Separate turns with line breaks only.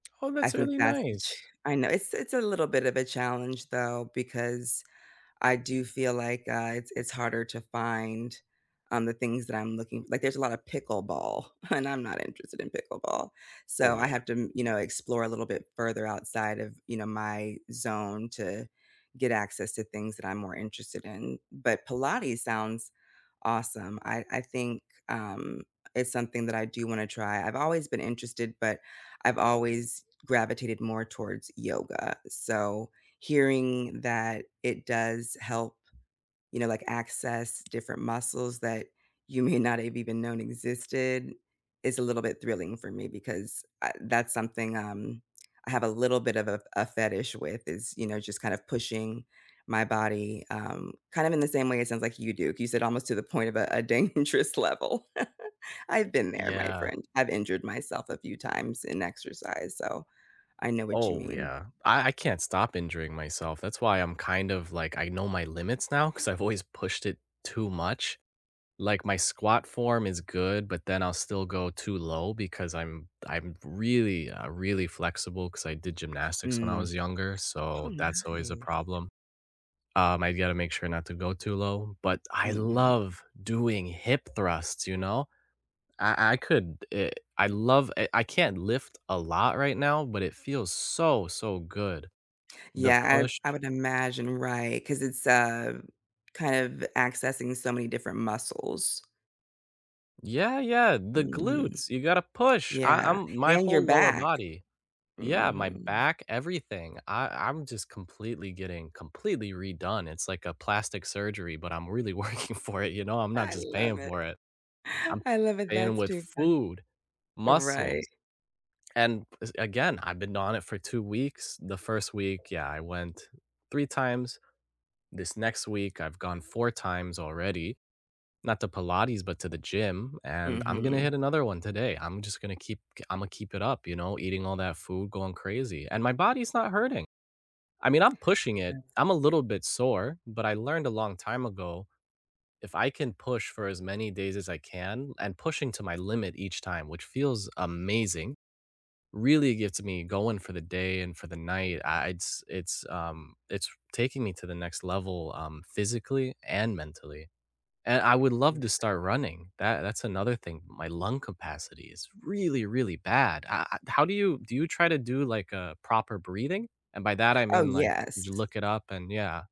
Oh,
I
that's
think
really
that's the ch
nice.
I know, it's it's a little bit of a challenge though, because I do feel like, uh, it's it's harder to find, um, the things that I'm looking like, there's a lot of pickleball, and I'm not interested in pickleball. So,
Oh,
I
yeah.
have to m you know, explore a little bit further outside of, you know, my zone to get access to things that I'm more interested in. But Pilates sounds awesome. I I think, um, it's something that I do wanna try. I've always been interested, but I've always gravitated more towards yoga. So, hearing that it does help, you know, like, access different muscles that you may not have even known existed is a little bit thrilling for me, because, uh, that's something, um, I have a little bit of a a fetish with is, you know, just kind of pushing my body, um, kind of in the same way it sounds like you do. You said almost to the point of a a dangerous level. I've been there, my
Yeah.
friend. I've injured myself a few times in exercise, so, I know what you
Oh,
mean.
yeah. I I can't stop injuring myself, that's why I'm kind of like, I know my limits now, 'cause I've always pushed it too much. Like, my squat form is good, but then I'll still go too low because I'm I'm really, uh, really flexible 'cause I did gymnastics when I
Mm.
was younger,
Oh,
so, that's always a
nice.
problem. Um, I've gotta make sure not to go too low. But I
Mhm.
love doing hip thrusts, you know, I I could, eh I love, eh I can't lift a lot right now, but it feels so, so good. The
Yeah,
push
I I would imagine right, 'cause it's, uh, kind of accessing so many different muscles.
Yeah, yeah, the
Mhm.
glutes. You gotta push. I
Yeah,
I'm my
and your
whole lower
back.
body. Yeah, my
Mhm.
back, everything. I I'm just completely getting completely redone. It's like a plastic surgery, but I'm really working for it, you know, I'm not
I
just
love
paying
it.
for it. I'm
I love it
paying
that's
with
too funny.
food,
Right.
muscles, and es again, I've been on it for 2 weeks. The 1st week, yeah, I went 3 times. This next week I've gone 4 times already, not to Pilates, but to the gym, and I'm gonna
Mhm.
hit another one today. I'm just gonna keep, g Imma keep it up, you know, eating all that food, going crazy, and my body's not hurting. I mean, I'm pushing it,
Yes.
I'm a little bit sore, but I learned a long time ago, if I can push for as many days as I can, and pushing to my limit each time, which feels amazing, really gets me going for the day and for the night, I it's it's, um, it's taking me to the next level, um, physically and mentally. And I would
Yeah, I
love
like
to start
that.
running. That that's another thing. My lung capacity is really, really bad. I I how do you do you try to do like a proper breathing? And by that I
Oh,
mean like, did
yes.
you look it up and yeah.